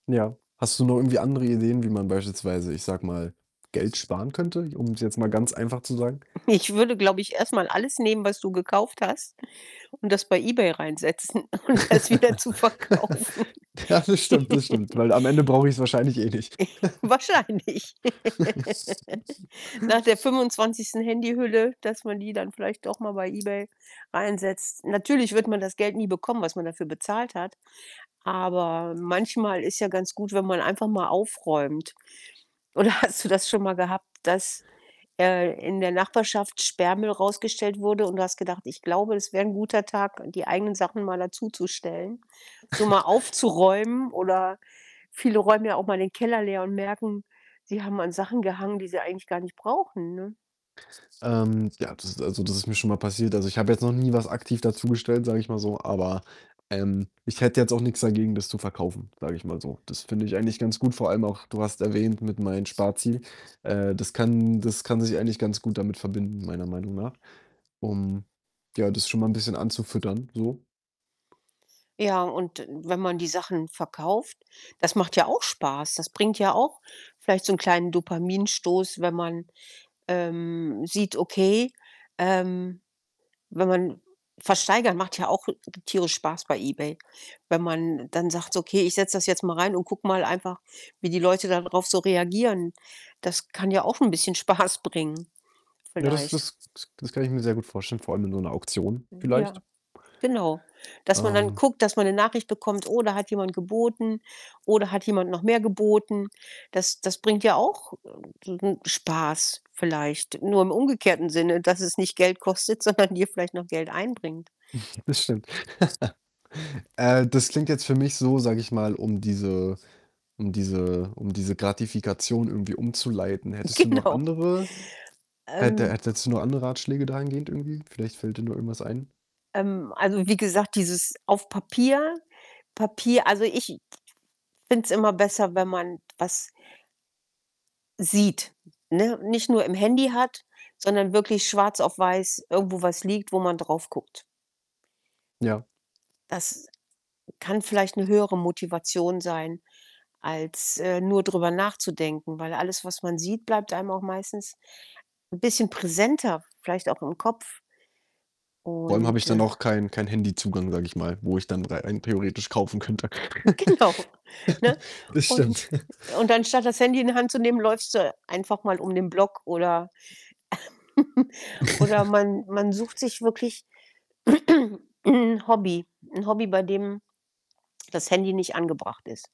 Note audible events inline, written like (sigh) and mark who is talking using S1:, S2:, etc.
S1: Ja. Hast du noch irgendwie andere Ideen, wie man beispielsweise, ich sage mal, Geld sparen könnte, um's jetzt mal ganz einfach zu sagen?
S2: Ich würde, glaube ich, erst mal alles nehmen, was du gekauft hast und das bei eBay reinsetzen um das wieder zu
S1: (giggles)
S2: verkaufen.
S1: Ja, das stimmt, das stimmt,
S2: (giggles)
S1: weil am Ende brauche ich's wahrscheinlich eh nicht.
S2: (snorts) Wahrscheinlich.
S1: (giggles)
S2: (giggles) Nach der 25. Handyhülle, dass man die dann vielleicht doch mal bei eBay reinsetzt. Natürlich wird man das Geld nie bekommen, was man dafür bezahlt hat, aber manchmal ist ja ganz gut, wenn man einfach mal aufräumt. Oder hast du das schon mal gehabt, dass, äh, in der Nachbarschaft Sperrmüll rausgestellt wurde und du hast gedacht: „Ich glaube, es wäre ein guter Tag, die eigenen Sachen mal dazu zu stellen, so mal
S1: (snorts)
S2: aufzuräumen“, oder viele räumen ja auch mal den Keller leer und merken, sie haben an Sachen gehangen, die sie eigentlich gar nicht brauchen, ne?
S1: Ähm, ja, das ist also, das ist mir schon mal passiert. Also, ich habe jetzt noch nie was aktiv dazu gestellt, sage ich mal so, aber, ähm, ich hätte jetzt auch nix dagegen, das zu verkaufen, sage ich mal so. Das finde ich eigentlich ganz gut, vor allem auch, du hast erwähnt mit meinen Sparziel. Äh, das kann das kann sich eigentlich ganz gut damit verbinden, meiner Meinung nach, um, ja, das schon mal 'n bisschen anzufüttern so.
S2: Ja, und wenn man die Sachen verkauft, das macht ja auch Spaß. Das bringt ja auch vielleicht so 'n kleinen Dopaminstoß, wenn man, ähm, sieht: Okay, ähm, wenn man versteigern macht ja auch tierisch Spaß bei eBay. Wenn man dann sagt: „So, okay, ich setze das jetzt mal rein und gucke mal einfach, wie die Leute darauf so reagieren.“ Das kann ja auch 'n bisschen Spaß bringen
S1: Ja, das
S2: vielleicht.
S1: das k das kann ich mir sehr gut vorstellen, vor allem in so 'ner Auktion vielleicht.
S2: Ja, genau. Dass man dann
S1: Ähm
S2: guckt, dass man 'ne Nachricht bekommt: „Oh, da hat jemand geboten“, „Oh da hat jemand noch mehr geboten.“ Das das bringt ja auch n sen Spaß vielleicht. Nur im umgekehrten Sinne, dass es nicht Geld kostet, sondern dir vielleicht noch Geld einbringt.
S1: (chuckles) Das stimmt. (giggles) Äh, das klingt jetzt für mich so, sage ich mal, um diese um diese um diese Gratifikation irgendwie umzuleiten. Hättest du noch
S2: Genau.
S1: andere hätte
S2: Ähm.
S1: hätt hättest du noch andere Ratschläge dahingehend irgendwie? Vielleicht fällt dir noch irgendwas ein.
S2: Ähm, also, wie gesagt, dieses auf Papier Papier also, ich finde es immer besser, wenn man was sieht, ne, nicht nur im Handy hat, sondern wirklich schwarz auf weiß irgendwo was liegt, wo man drauf guckt.
S1: Ja.
S2: Das kann vielleicht 'ne höhere Motivation sein, als, äh, nur drüber nachzudenken, weil alles, was man sieht, bleibt einem auch meistens 'n bisschen präsenter, vielleicht auch im Kopf.
S1: Vor allem habe ich
S2: Und,
S1: dann
S2: äh
S1: auch keinen keinen Handyzugang, sage ich mal, wo ich dann rei ein theoretisch kaufen könnte.
S2: Genau, ne,
S1: (giggles) Das
S2: und
S1: stimmt. (chuckles)
S2: und anstatt das Handy in die Hand zu nehmen, läufst du einfach mal um den Block oder (giggles) oder
S1: (chuckles)
S2: man man sucht sich wirklich (clears throat) 'n Hobby 'n Hobby, bei dem das Handy nicht angebracht ist.